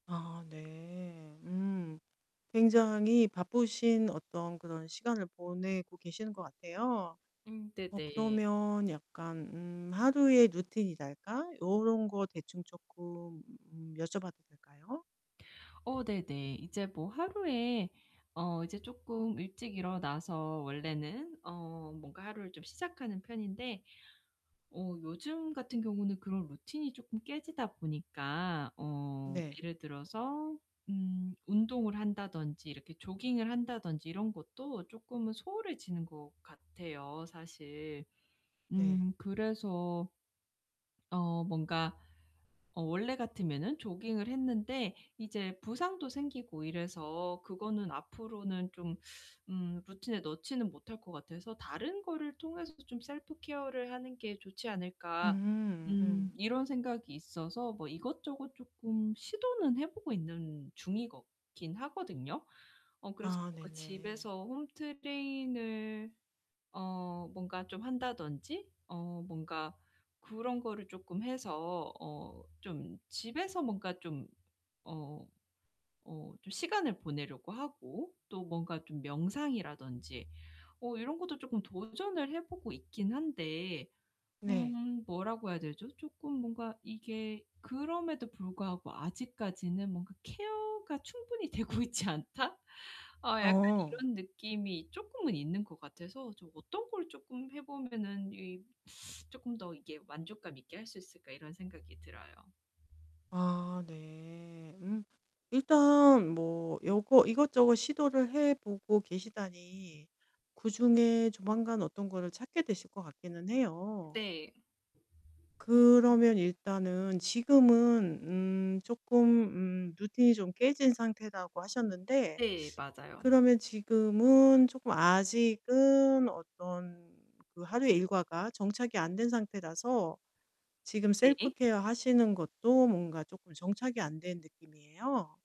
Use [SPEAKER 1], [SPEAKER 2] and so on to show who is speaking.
[SPEAKER 1] 아 네. 음 굉장히 바쁘신 어떤 그런 시간을 보내고 계시는 것 같아요.
[SPEAKER 2] 음
[SPEAKER 1] 어
[SPEAKER 2] 네네.
[SPEAKER 1] 그러면 약간 음 하루의 루틴이랄까? 요런 거 대충 쪼끔 음 여쭤봐도 될까요?
[SPEAKER 2] 어 네네. 이제 뭐 하루에 어 이제 쪼끔 일찍 일어나서 원래는 어 뭔가 하루를 좀 시작하는 편인데 어 요즘 같은 경우는 그런 루틴이 쪼끔 깨지다 보니까 어
[SPEAKER 1] 네.
[SPEAKER 2] 예를 들어서 음 운동을 한다든지 이렇게 조깅을 한다든지 이런 것도 쪼끔은 소홀해지는 것 같아요 사실.
[SPEAKER 1] 네.
[SPEAKER 2] 음 그래서 어 뭔가 어 원래 같으면은 조깅을 했는데 이제 부상도 생기고 이래서 그거는 앞으로는 좀 음 루틴에 넣지는 못할 것 같아서 '다른 거를 통해서 좀 셀프케어를 하는 게 좋지 않을까.'
[SPEAKER 1] 음
[SPEAKER 2] 음
[SPEAKER 1] 음.
[SPEAKER 2] 이런 생각이 있어서 뭐 이것저것 쪼끔 시도는 해 보고 있는 중이거 긴 하거든요. 어 그래서
[SPEAKER 1] 아
[SPEAKER 2] 뭔가
[SPEAKER 1] 네네.
[SPEAKER 2] 집에서 홈 트레이닝을 어 뭔가 좀 한다든지 어 뭔가 그런 거를 쪼끔 해서 어 좀 집에서 뭔가 좀 어 어 좀 시간을 보내려고 하고 또 뭔가 좀 명상이라든지 어 이런 것도 쪼끔 도전을 해 보고 있긴 한데
[SPEAKER 1] 네.
[SPEAKER 2] 음 뭐라고 해야 되죠? 쪼끔 뭔가 이게 그럼에도 불구하고 아직까지는 뭔가 '케어가 충분히 되고 있지 않다?' 어 약간
[SPEAKER 1] 어.
[SPEAKER 2] 이런 느낌이 쪼끔은 있는 것 같아서 좀 '어떤 걸 쪼끔 해 보면은 이 쪼끔 더 이게 만족감 있게 할 수 있을까.' 이런 생각이 들어요.
[SPEAKER 1] 아 네. 음. 일단 뭐 요거 이것저것 시도를 해 보고 계시다니 그중에 조만간 어떤 거를 찾게 되실 것 같기는 해요.
[SPEAKER 2] 네. 음.
[SPEAKER 1] 그러면 일단은 지금은 음 쪼끔 음 루틴이 좀 깨진 상태라고 하셨는데
[SPEAKER 2] 네, 맞아요.
[SPEAKER 1] 그러면 지금은 쪼끔 아직은 어떤 그 하루 일과가 정착이 안 된 상태라서 지금
[SPEAKER 2] 네.
[SPEAKER 1] 셀프케어 하시는 것도 뭔가 쪼끔 정착이 안 된 느낌이에요.